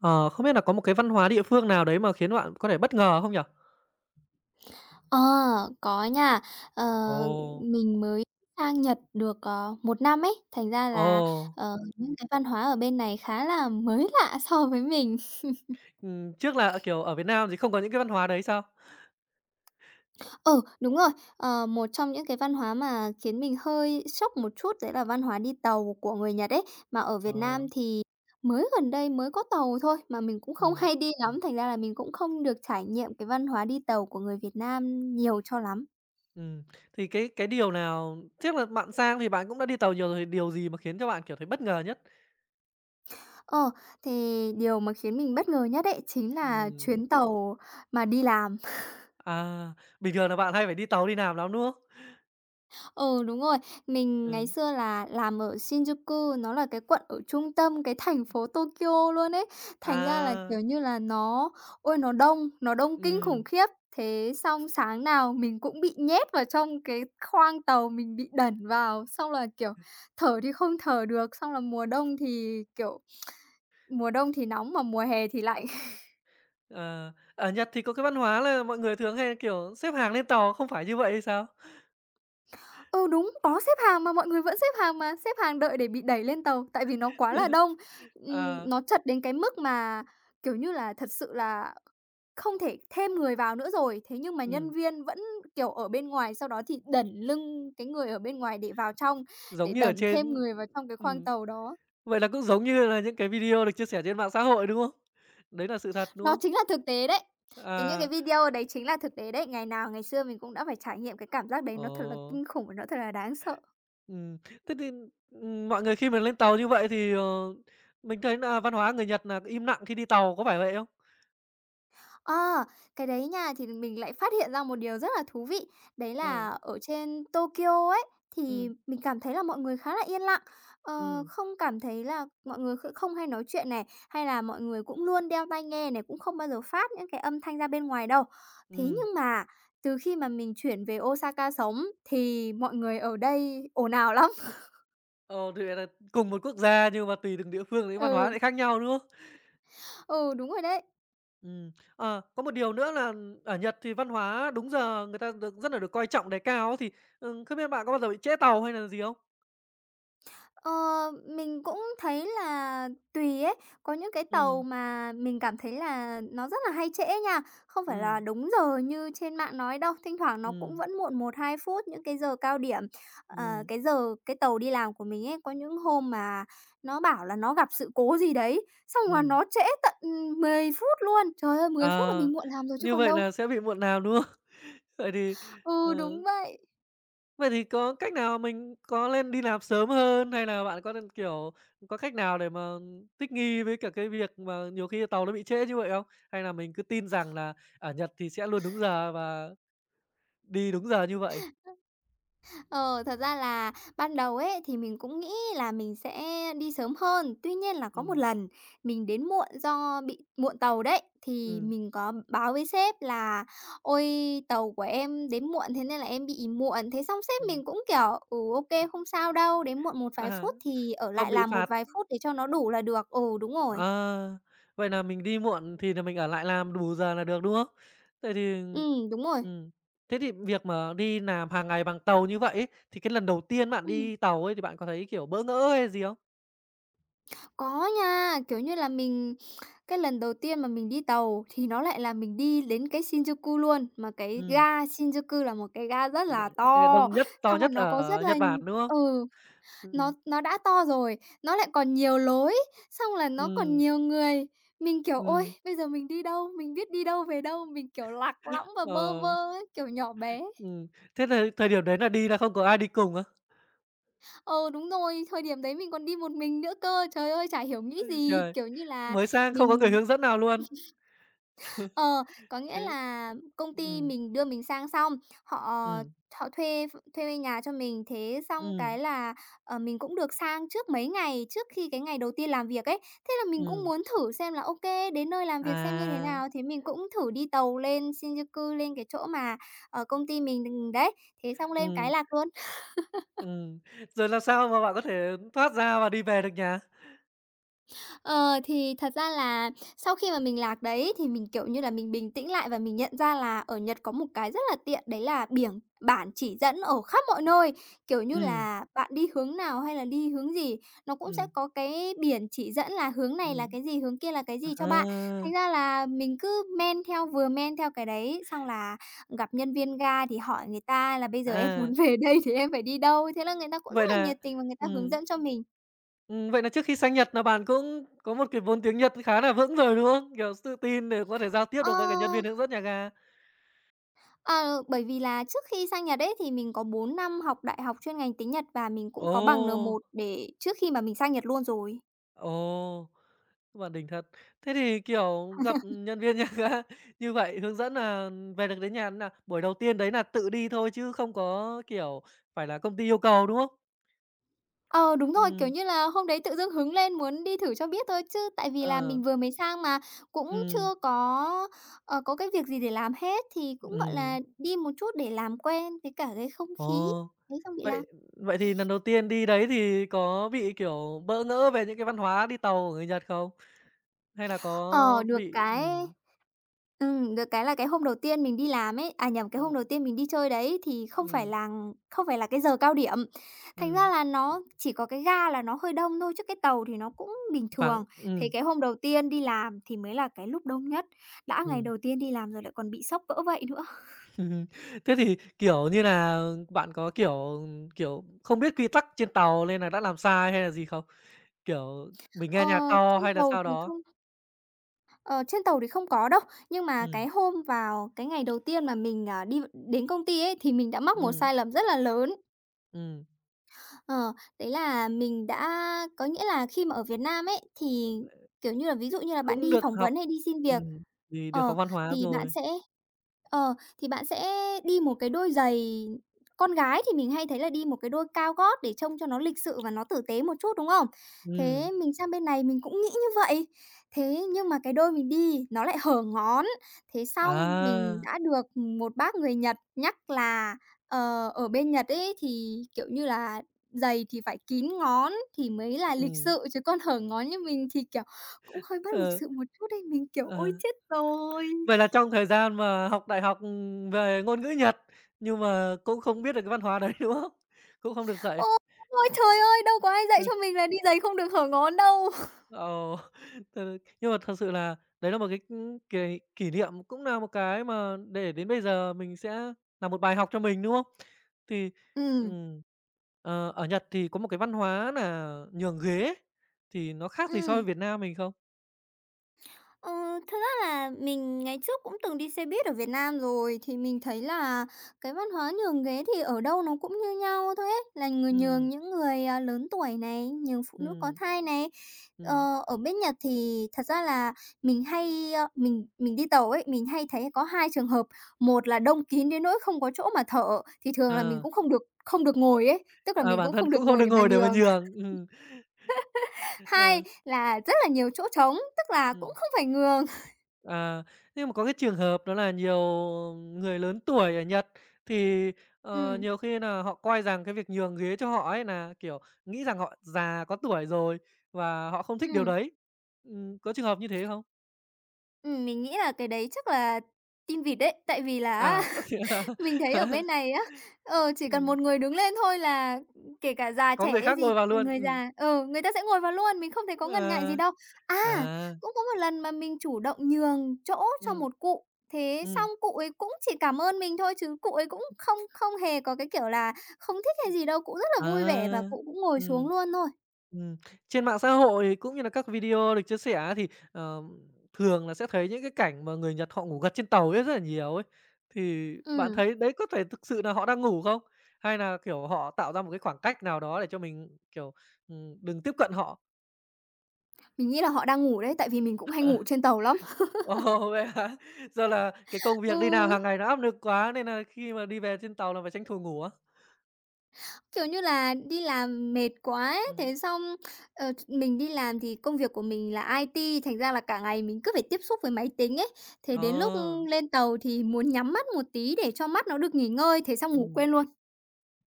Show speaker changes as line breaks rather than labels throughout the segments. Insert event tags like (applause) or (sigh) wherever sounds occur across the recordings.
Ờ, không biết là có một cái văn hóa địa phương nào đấy mà khiến bạn có thể bất ngờ không nhỉ?
Ờ, có nha, ờ,
Ồ!
mình mới sang Nhật được, ờ, 1 năm ấy, thành ra là,
Ồ!
ờ, những cái văn hóa ở bên này khá là mới lạ so với mình. (laughs)
Ừm, trước là ở, kiểu, ở Việt Nam thì không có những cái văn hóa đấy sao?
Ừ, đúng rồi, ờ, một trong những cái văn hóa mà khiến mình hơi sốc một chút đấy là văn hóa đi tàu của người Nhật ấy. Mà ở Việt Nam
Ờ.
thì mới gần đây mới có tàu thôi, mà mình cũng không
Ừm.
hay đi lắm, thành ra là mình cũng không được trải nghiệm cái văn hóa đi tàu của người Việt Nam nhiều cho lắm.
Ừm, thì cái cái điều nào trước là bạn sang thì bạn cũng đã đi tàu nhiều rồi, thì điều gì mà khiến cho bạn, kiểu, thấy bất ngờ nhất?
Ờ, thì điều mà khiến mình bất ngờ nhất ấy chính là
Ừm.
chuyến tàu mà đi làm. (laughs)
À! Bình thường là bạn hay phải đi tàu đi làm lắm, đúng không?
Ừ, đúng rồi. Mình ngày
Ừm.
xưa là làm ở Shinjuku, nó là cái quận ở trung tâm, cái thành phố Tokyo luôn ấy, thành ra là,
À!
kiểu như là, nó ôi, nó đông, nó đông kinh khủng
Ừm.
khiếp. Thế xong sáng nào mình cũng bị nhét vào trong cái khoang tàu, mình bị đẩn vào xong là, kiểu, thở thì không thở được, xong là mùa đông thì, kiểu, mùa đông thì nóng mà mùa hè thì lạnh. (chuckles)
Ờ, ở Nhật thì có cái văn hóa là mọi người thường hay, kiểu, xếp hàng lên tàu không phải như vậy hay sao?
Ừ, đúng! Có xếp hàng mà, mọi người vẫn xếp hàng mà, xếp hàng đợi để bị đẩy lên tàu, tại vì nó quá là đông.
(unintelligible)
Ừm,
Ờ.
nó chật đến cái mức mà, kiểu như là, thật sự là không thể thêm người vào nữa rồi. Thế nhưng mà nhân
Ừm.
viên vẫn, kiểu, ở bên ngoài, sau đó thì đẩn lưng cái người ở bên ngoài để vào trong,
Giống
để
như
đẩy
ở
đẩn thêm
trên
người vào trong cái khoang
ừm,
tàu đó.
vậy là cũng giống như là những cái video được chia sẻ trên mạng xã hội, đúng không? Đấy đà sự thật, đúng
Nó
không?
chính là thực tế đấy. Cái những cái
À!
video đấy chính là thực tế đấy. Ngày nào ngày xưa mình cũng đã phải trải nghiệm cái cảm giác đấy, nó thật là
Ồ!
kinh khủng, và nó thật là đáng sợ.
Ừm, thế thì, ừm, mọi người khi mà lên tàu như vậy thì, ờ, mình thấy nà văn hóa người Nhật nà im nặng khi đi tàu, có phải vậy không?
Ờ. Cái đấy nha, thì mình lại phát hiện ra một điều rất là thú vị, đấy là
Ừ.
ở trên Tokyo ấy, thì
Ừm.
mình cảm thấy là mọi người khá là yên lặng. Ờ,
Ừm.
không cảm thấy là mọi người kh không hay nói chuyện này, hay là mọi người cũng luôn đeo tai nghe này, cũng không bao giờ phát những cái âm thanh ra bên ngoài đâu. Thế
Ừm.
nhưng mà từ khi mà mình chuyển về Osaka sống thì mọi người ở đây ồn ào lắm.
Ồ, thì vậy đ cùng một quốc gia nhưng mà tùy từng địa phương thì văn hóa
Ừ.
sẽ khác nhau, đúng không?
Ừ, đúng rồi đấy.
Ừm, ờ, có một điều nữa là ở Nhật thì văn hóa đúng giờ người ta được rất nà được coi trọng đề cao á, thì, ừm, không biết bạn có bao giờ bị trễ tàu hay nà gì không?
Ờ, mình cũng thấy là tùy ấy. Có những cái tàu
Ừm.
mà mình cảm thấy là nó rất là hay trễ nha. Không phải là
Ừm.
đúng giờ như trên mạng nói đâu. Thỉnh thoảng nó cũng
Ừm.
vẫn muộn 1-2 phút những cái giờ cao điểm. Ờ,
Ừm.
cái giờ cái tàu đi làm của mình ấy, có những hôm mà nó bảo là nó gặp sự cố gì đấy, xong là
Ừm.
nó trễ tận, ừm, 10 phút luôn! Trời ơi, 10 phút là
Ờ.
mình muộn làm rồi chứ
Như
còn
vậy
đâu!
nà sẽ bị muộn làm, đúng không? Vậy thì,
Ừ, đúng
ờ
vậy!
Vậy thì có cách nào? Mình có lên đi làm sớm hơn hay nà bạn có nên kiểu, có cách nào để mà thích nghi với cả cái việc mà nhiều khi tàu nó bị trễ như vậy không? Hay là mình cứ tin rằng là ở Nhật thì sẽ luôn đúng giờ và đi đúng giờ như vậy?
Ờ, thật ra là ban đầu ấy thì mình cũng nghĩ là mình sẽ đi sớm hơn. Tuy nhiên là có một
Ừm.
lần mình đến muộn do bị muộn tàu đấy, thì
Ừm.
mình có báo với sếp là "Ôi, tàu của em đến muộn, thế nên là em bị muộn." Thế xong sếp
Ừm.
mình cũng kiểu: "Ừ, ô kê, không sao đâu, đến muộn một vài
À,
phút thì ở
không
lại
bị
làm một
phạt.
vài phút để cho nó đủ là được." Ừ, đúng rồi.
Ờ. Vậy nà mình đi muộn thì nà mình ở lại làm đủ giờ là được, đúng không? Vậy thì
Ừm, đúng rồi.
ừm, thế thì việc mà đi làm hàng ngày bằng tàu như vậy ấy, thì cái lần đầu tiên bạn
Ừm.
đi tàu ấy thì bạn có thấy, kiểu, bỡ ngỡ hay gì không?
Có nha, kiểu như là, mình cái lần đầu tiên mà mình đi tàu thì nó lại là mình đi đến cái Shinjuku luôn. Mà cái
Ừm.
ga Shinjuku là một cái ga rất là
(unintelligible)
to,
Đông nhất, to
xong rồi
nhất
nó có rất
ở
là
Nhật Bản, đúng không?
ừ, nó
Ừm.
nó đã to rồi, nó lại còn nhiều lối, xong là nó còn
Ừm.
nhiều người. Mình kiểu: "Ôi,
Ừm.
bây giờ mình đi đâu, mình biết đi đâu về đâu." Mình, kiểu, lạc lõng và bơ
Ờ.
vơ ấy, kiểu, nhỏ bé.
Ừm, thế thời thời điểm đấy nà đi nà không có ai đi cùng á?
Ừ, đúng rồi, thời điểm đấy mình còn đi một mình nữa cơ. Trời ơi, chả hiểu nghĩ
Ôi
gì,
trời,
kiểu như là,
mới sang không có người
mình
hướng dẫn nào luôn.
(laughs) ờ, có
(laughs)
nghĩa
Thế
là công ty
ừm.
mình đưa mình sang xong, họ, ờ,
Ừm.
họ thuê ph thuê thuê nhà cho mình, thế xong
Ừm.
cái là, ờ, mình cũng được sang trước mấy ngày, trước khi cái ngày đầu tiên làm việc ấy, thế là mình cũng
Ừm.
muốn thử xem là, ô kê, đến nơi làm việc xem như thế
À.
nào, thế mình cũng thử đi tàu lên Shinjuku, lên cái chỗ mà, ờ, công ty mình đ đấy, thế xong lên
Ừm.
cái lạc luôn. (laughs)
Ừm, rồi làm sao mà bạn có thể thoát ra và đi về được nhà?
Ờ, thì thật ra là sau khi mà mình lạc đấy thì mình, kiểu như là, mình bình tĩnh lại và mình nhận ra là ở Nhật có một cái rất là tiện, đấy là biểng bản chỉ dẫn ở khắp mọi nơi, kiểu như
Ừm.
là, bạn đi hướng nào hay là đi hướng gì, nó cũng sẽ
Ừm.
có cái biển chỉ dẫn là hướng này là
Ừm.
cái gì, hướng kia là cái
Ờ,
gì cho bạn.
ơ.
Thành ra là mình cứ men theo, vừa men theo cái đấy, xong là gặp nhân viên ga thì hỏi người ta là "Bây giờ em muốn
À.
về đây thì em phải đi đâu?" thế là người ta cũng rất
Vậy
là
là
nhiệt tình và người ta hướng
ừm.
dẫn cho mình.
Ừm, vậy nà trước khi sang Nhật nà bạn cũng có một cái vốn tiếng Nhật khá là vững rồi, đúng không? Kiểu s tự tin để có thể giao tiếp được với cả nhân
Ơ.
viên hướng dẫn nhà ga.
Ờ, bởi vì là trước khi sang Nhật đấy thì mình có 4 năm học đại học chuyên ngành tiếng Nhật và mình cũng có bằng N1
Ồ!
để trước khi mà mình sang Nhật luôn rồi.
Ồ, bạn đỉnh thật. Thế thì, kiểu, gặp
(laughs)
nhân viên nhà ga như vậy hướng dẫn nà về được đến nhà thế nào? Buổi đầu tiên đấy nà tự đi thôi chứ không có, kiểu, phải là công ty yêu cầu, đúng không?
Ờ, đúng rồi, kiểu
Ừm.
như là, hôm đấy tự dưng hứng lên muốn đi thử cho biết thôi chứ tại vì là
Ờ.
mình vừa mới sang mà cũng
Ừm.
chưa có, ờ, có cái việc gì để làm hết thì cũng, gọi
Ừm.
là, đi một chút để làm quen với cả cái không
Ồ,
khí, thế xong bị lạc.
vậy vậy thì lần
(chuckles)
đầu tiên đi đấy thì có bị, kiểu, bỡ ngỡ về những cái văn hóa đi tàu của người Nhật không? Hay là có
Ờ, được
bị
cái
ừm.
ừm, được cái là cái hôm đầu tiên mình đi làm ấy à, nhầm, cái hôm
Ừm.
đầu tiên mình đi chơi đấy thì không phải
Ừm.
lằn không phải là cái giờ cao điểm, thành ra
Ừm.
là nó chỉ có cái ga là nó hơi đông thôi, chứ cái tàu thì nó cũng bình
Vắng,
thường. Thì
ừm.
cái hôm đầu tiên đi làm thì mới là cái lúc đông nhất, đã ngày
Ừm.
đầu tiên đi làm rồi lại còn bị sốc cỡ vậy nữa. (chuckles)
(chuckles) Thế thì, kiểu như nà, bạn có, kiểu, ừm, kiểu, không biết quy tắc trên tàu lên là đã làm sai hay là gì không? Kiểu mình
Ờ,
nghe nhạc to
trên
hay là
tàu
sao
thì
đó.
không Ờ, trên tàu thì không có đâu. Nhưng mà cái
Ừm.
hôm vào cái ngày đầu tiên mà mình, à, đi v đến công ty ấy thì mình đã mắc một
Ừm.
sai lầm rất là lớn.
Ừm.
Ờ. Đấy là mình đã có nghĩa là khi mà ở Việt Nam ấy thì, kiểu như là ví dụ
(unintelligible)
như là bạn
Cũng
đi
được
phỏng
học
vấn hay đi xin việc,
ừm, vì được
ờ,
học văn hóa
thì bạn
rồi.
sẽ, ờ, thì bạn sẽ đi 1 cái đôi giày, con gái thì mình hay thấy là đi 1 cái đôi cao gót để trông cho nó lịch sự và nó tử tế một chút, đúng không?
Ừm.
Thế mình sang bên này mình cũng nghĩ như vậy. Thế, nhưng mà cái đôi mình đi nó lại hở ngón. Thế xong mình
À.
đã được, ừm, một bác người Nhật nhắc là, ờ, ở bên Nhật ấy thì, kiểu như là, giày thì phải kín ngón thì mới là lịch
Ừm.
sự, chứ còn hở ngón như mình thì, kiểu, cũng hơi bất lịch
Ờ.
sự một chút ấy. Mình, kiểu, ôi
Ờ.
chết rồi.
Vậy là trong thời gian mà học đại học, ừm, về ngôn ngữ Nhật, nhưng mà cũng không biết được cái văn hóa đấy, đúng không? Cũng không được
Ừ.
dạy.
Ôi trời ơi! Đâu có ai dạy cho mình là đi
(unintelligible)
giày không được hở ngon đâu. (chuckles)
Ồ. (chuckles) (unintelligible) Nhưng mà thật sự là đấy là một cái, ưm, cái kỷ niệm, cũng nà một cái mà để đến bây giờ mình sẽ nà một bài học cho mình, đúng không? Thì,
Ừm.
ừm, ờ, ở Nhật thì có một cái văn hóa nà nhường ghế. Thì nó khác gì so với
Ừm.
Việt Nam mình không?
Ờ, thực ra là mình ngày trước cũng từng đi xe buýt ở Việt Nam rồi, thì mình thấy là cái văn hóa nhường ghế thì ở đâu nó cũng như nhau thôi ấy, là người nhường
Ừm.
những người, à, lớn tuổi này, nhường phụ nữ có
Ừm.
thai này.
Ừm.
Ờ, ở bên Nhật thì thật ra là mình hay, ơ mình mình đi tàu ấy, mình hay thấy có 2 trường hợp, một là đông kín đến nỗi không có chỗ mà thở thì thường là mình
Ờ.
cũng không được không được ngồi ấy, tức là
Ờ,
mình
bản
cũng
thân
không được
cũng không
ngồi
được
để mà
ngồi để mà
nhường.
nhường, ừm.
(laughs) Hai
Ờ.
là rất là nhiều chỗ trống, tức là cũng
Ừm.
không phải nhường. (chuckles)
À. Nhưng mà có cái trường hợp đó là nhiều người lớn tuổi ở Nhật thì, ờ,
Ừm.
nhiều khi nà họ coi rằng cái việc nhường ghế cho họ ấy nà, kiểu, nghĩ rằng họ già, có tuổi rồi và họ không thích điều
Ừm.
đấy, ừm, có trường hợp như thế không?
Ừm, mình nghĩ là cái đấy chắc là tin vịt đấy. Tại vì là á
À, ơ, thế á?
(chuckles) mình thấy ở bên
(chuckles)
này á, ờ, chỉ cần
Ừm.
một người đứng lên thôi là, ừm, kể cả già
Có
trẻ
người
hay
khác
gì,
ngồi vào
ờ,
luôn,
người
ừm.
già ừ, người ta sẽ ngồi vào luôn, mình không thấy có ngần ngại gì
À,
đâu. A!
à.
Cũng có một lần mà mình chủ động nhường chỗ cho
Ừm.
một cụ, thế
Ừm.
xong cụ ấy cũng chỉ cảm ơn mình thôi, chứ cụ ấy cũng không
(unintelligible)
không hề có cái kiểu là không thích hay
Ừm,
gì đâu, cụ rất là
à,
vui vẻ và cụ cũng ngồi xuống
ừm.
luôn thôi.
Ừm, trên mạng xã hội cũng như là các video được chia sẻ á thì, ờm, thường là sẽ thấy những cái cảnh mà người Nhật họ ngủ gật trên tàu ấy, rất là nhiều ấy. Thì bạn
Ừm.
thấy đấy có thể thực sự nà họ đang ngủ không? Hay nà, kiểu, họ tạo ra một cái khoảng cách nào đó để cho mình, kiểu, ừm, đừng tiếp cận họ?
Mình nghĩ là họ đang ngủ đấy, tại vì mình cũng hay ngủ trên tàu lắm.
(laughs)
(laughs)
Wow, vậy hả? Do là cái công việc đi làm
Ừ.
hàng ngày nó áp nực quá nên nà khi mà đi về trên tàu là phải tranh thủ ngủ á?
Kiểu, như là đi làm mệt quá ấy,
Ừm.
thế xong, ờ, ch mình đi làm thì công việc của mình là IT, thành ra là cả ngày mình cứ phải tiếp xúc với máy tính ấy, thế đến lúc, ưm,
À.
lên tàu thì muốn nhắm mắt một tí để cho mắt nó được nghỉ ngơi, thế xong ngủ
Ừm.
quên luôn.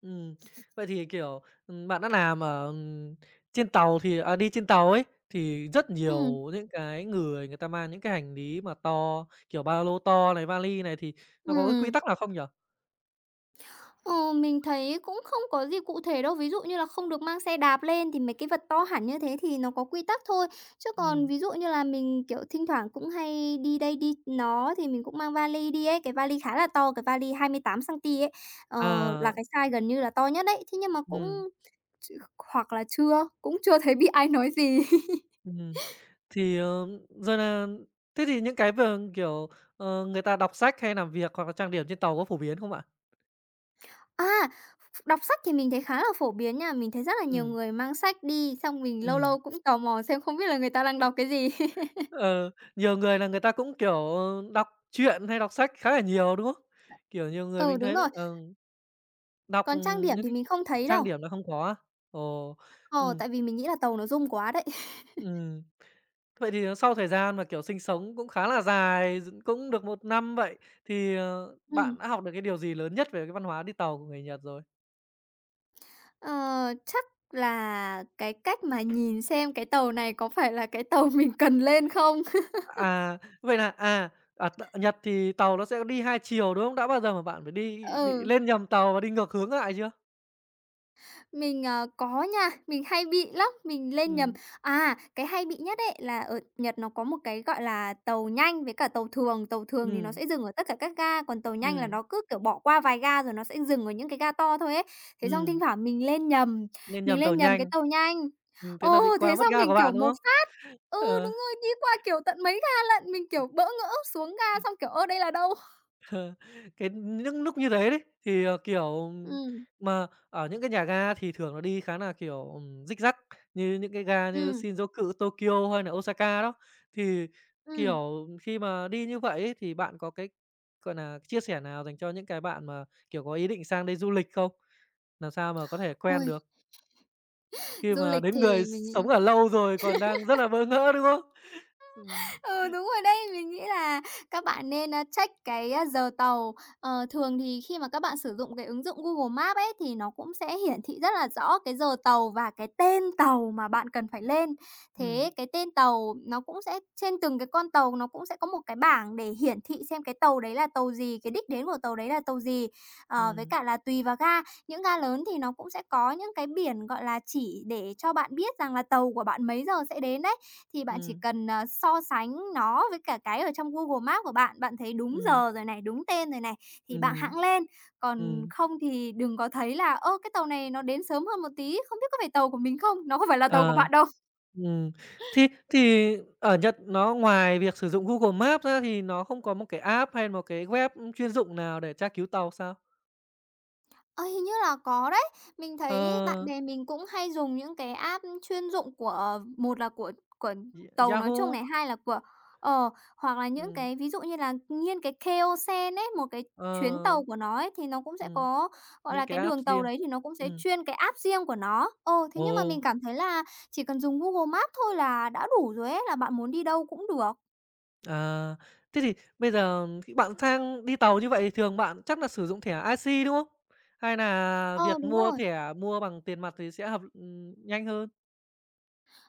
Ừm. Vậy thì, kiểu, ừm, bạn đã làm ở, ừm, trên tàu thì à, đi trên tàu ấy, thì rất
Ừm.
nhiều những cái người người ta mang những cái hành lý mà to, kiểu, ba lô to này, vali này thì nó có cái quy
Ừm.
tắc nào không nhỉ?
Ờ, mình thấy cũng không có gì cụ thể đâu. Ví dụ như là không được mang xe đạp lên thì mấy cái vật to hẳn như thế thì nó có quy tắc thôi, chứ còn
Ừm.
ví dụ như là mình, kiểu, thinh thoảng cũng hay đi đây đi nó thì mình cũng mang vali đi ấy. Cái vali khá là to, cái vali 28 cm ấy, ờ, là
À.
cái size gần như là to nhất đấy, thế nhưng mà cũng
Ừm.
ch hoặc là chưa cũng chưa thấy bị ai nói gì. (chuckles)
Ừm. Thì, ờm, giờ nà thế thì những cái vờn, kiểu, ờ, người ta đọc sách hay làm việc hoặc là trang điểm trên tàu có phổ biến không bạn?
A, ph ph đọc sách thì mình thấy khá là phổ biến nha. Mình thấy rất là nhiều
Ừm.
người mang sách đi, xong mình lâu
Ừm.
lâu cũng tò mò xem không biết là người ta đang đọc cái gì. (laughs)
Ờ, nhiều người là người ta cũng, kiểu, ờ, đọc truyện hay đọc sách khá là nhiều, đúng không? Kiểu nhiều người
Ừ,
mình
đúng
thấy là,
rồi.
ờ, đọc,
Còn trang
ừm,
điểm
những
thì
cái
mình không thấy đâu.
trang điểm nó không có á? Ồ,
Ờ,
ừm.
tại vì mình nghĩ là tàu nó rung quá đấy. (chuckles)
Ừm. Vậy thì, ờ, sau thời gian mà, kiểu, sinh sống cũng khá là dài dựng cũng được 1 năm vậy thì, ờ,
Ừm.
bạn đã học được cái điều gì lớn nhất về cái văn hóa đi tàu của người Nhật rồi?
Ờ, chắc là cái cách mà nhìn xem cái tàu này có phải là cái tàu mình cần lên không? (laughs)
À, vậy là, à, ở t Nhật thì tàu nó sẽ đi 2 chiều, đúng không? Đã bao giờ mà bạn phải đi bị
Ừ.
lên nhầm tàu và đi ngược hướng lại chưa?
Mình, ờ, có nha, mình hay bị lắm, mình lên nhầm
Ừm.
à, cái hay bị nhất ấy là ở Nhật nó có một cái gọi là tàu nhanh với cả tàu thường, tàu thường thì nó
Ừm.
sẽ dừng ở tất cả các ga, còn tàu nhanh là
Ừm.
nó cứ, kiểu, bỏ qua vài ga rồi nó sẽ dừng ở những cái ga to thôi ấy. Thế xong thinh
Ừm.
thoảng mình lên nhầm,
Lên
mình
nhầm tàu
lên nhầm cái
nhanh.
tàu nhanh,
Ừm, thế
ờ,
nà bị
thế
qua mất
xong
ga
mình
của
kiểu
bạn, đúng
một
không?
phát ừ, đúng
Ờ.
rồi, đi qua, kiểu, tận mấy ga lận, mình, kiểu,
(unintelligible)
bỡ ngỡ xuống ga xong kiểu: "Ơ, đây là đâu?"
(chuckles) Cái nh những núc như thế đấy, thì, ờ, kiểu
Ừm.
mà, ở những cái nhà ga thì thường là đi khá nà, kiểu, ừm, dích dắc như những cái ga như
Ừm.
Shinjuku, Tokyo hay nà Osaka đó. Thì,
Ừm.
kiểu, khi mà đi như vậy ấy thì bạn có cái, gọi nà, chia sẻ nào dành cho những cái bạn mà, kiểu, có ý định sang đây du lịch không? Làm sao mà có thể quen
Ôi.
được? Khi
Du
mà
lịch
đến người
thì
s
mình
sống
nghĩ
ở lâu rồi còn đang rất
(laughs)
là bỡ ngỡ, đúng không? Ừm.
Ờ, đúng rồi đấy, mình nghĩ là các bạn nên, a, check cái giờ tàu, ờ, thường thì khi mà các bạn sử dụng cái ứng dụng Google Maps ấy thì nó cũng sẽ hiển thị rất là rõ cái giờ tàu và cái tên tàu mà bạn cần phải lên. Thế
Ừm.
cái tên tàu nó cũng sẽ trên từng cái con tàu nó cũng sẽ có một cái bảng để hiển thị xem cái tàu đấy là tàu gì, cái đích đến của tàu đấy là tàu gì. Ờ, với
Ừm.
cả là tùy vào ga, những ga lớn thì nó cũng sẽ có những cái biển, gọi là, chỉ để cho bạn biết rằng là tàu của bạn mấy giờ sẽ đến đấy, thì bạn chỉ
Ừm.
cần, à, so sánh nó với cả cái ở trong Google Maps của bạn, bạn thấy đúng
Ừm.
giờ rồi này, đúng tên rồi này, thì bạn
Ừm.
hẵng lên, còn
Ừm.
không thì đừng có thấy là: "Ơ, cái tàu này nó đến sớm hơn một tí, không biết có phải tàu của mình không?" Nó không phải là tàu của
Ờ.
bạn đâu.
Ừm, thi thì ở Nhật nó ngoài việc sử dụng Google Maps ra thì nó không có một cái app hay một cái web, ưm, chuyên dụng nào để tra cứu tàu sao?
À, hình như là có đấy. Mình thấy bạn
Ờ.
bè mình cũng hay dùng những cái app chuyên dụng của một là của của
Y
tàu nói chung này,
Yahoo.
hai là của ờ, hoặc là những
Ừm.
cái ví dụ như là nghiên cái Keio-sen ấy, một cái
Ờ.
chuyến tàu của nó ấy, thì nó cũng sẽ
Ừm.
có, gọi
Những
là,
cái
cái
app
đường tàu
riêng.
đấy thì nó cũng sẽ
Ừm.
chuyên cái app riêng của nó. Ồ, thế nhưng mà mình
Ồ.
cảm thấy là chỉ cần dùng Google Maps thôi là đã đủ rồi ấy, là bạn muốn đi đâu cũng được.
À. Thế thì bây giờ khi bạn sang đi tàu như vậy thì thường bạn chắc nà sử dụng thẻ IC, đúng không? Hay nà
Ờ,
việc
đúng
mua
rồi.
thẻ mua bằng tiền mặt thì sẽ hợp ừm, nhanh hơn?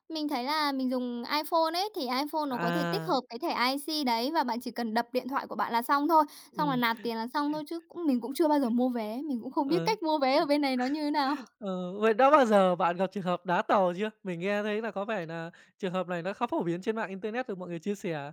Mình thấy là mình dùng Iphone ấy thì Iphone nó có thể tích
À.
hợp cái thẻ IC đấy và bạn chỉ cần đập điện thoại của bạn là xong thôi, xong là
Ừm.
nạp tiền là xong thôi chứ cũng mình cũng chưa bao giờ mua vé, mình cũng không biết
Ờ.
cách mua vé ở bên này nó như thế nào.
Ờ, vậy đã bao giờ bạn gặp trường hợp đá tàu chưa? Mình nghe thấy là có vẻ nà trường hợp này nó khá phổ biến trên mạng Internet được mọi người chia sẻ.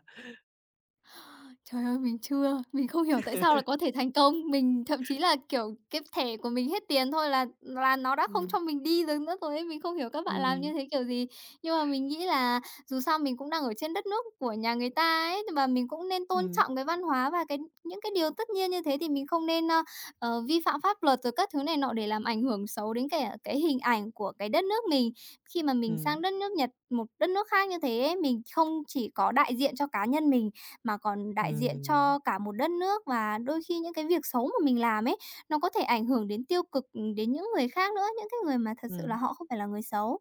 Trời ơi, mình chưa. Mình không hiểu tại sao lại
(laughs)
có thể thành công. Mình thậm chí là, kiểu, cái thẻ của mình hết tiền thôi là là nó đã không
Ừm.
cho mình đi được nữa rồi ấy. Mình không hiểu các bạn
Ừm,
làm như
ừm.
thế kiểu gì. Nhưng mà mình nghĩ là dù sao mình cũng đang ở trên đất nước của nhà người ta ấy, nhưng mà mình cũng nên tôn
Ừm.
trọng cái văn hóa và cái những cái điều tất nhiên như thế thì mình không nên, ơ, ờ, vi phạm pháp luật rồi các thứ này nọ để làm ảnh hưởng xấu đến cả cái hình ảnh của cái đất nước mình. Khi mà mình
Ừm.
sang đất nước Nhật, một đất nước khác như thế ấy, mình không chỉ có đại diện cho cá nhân mình mà còn đại diện
Ừm.
cho cả một đất nước. Và đôi khi những cái việc xấu mà mình làm ấy, nó có thể ảnh hưởng đến tiêu cực, ừm, đến những người khác nữa, những cái người mà thật sự là
Ừm.
họ không phải là người xấu.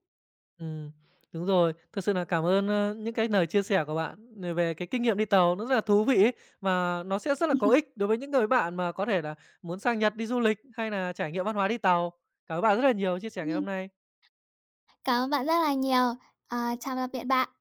Ừm. Đúng rồi, thật sự nà cảm ơn, ơ, những cái lời chia sẻ của bạn về về cái kinh nghiệm đi tàu nó rất là thú vị ấy, và nó sẽ rất là có
(laughs)
ích đối với những cái bạn mà có thể là muốn sang Nhật đi du lịch hay nà trải nghiệm văn hóa đi tàu. Cảm ơn bạn rất là nhiều chia sẻ ngày
Ừm.
hôm nay.
Cảm ơn bạn rất là nhiều. Ờ, chào tạm biệt bạn.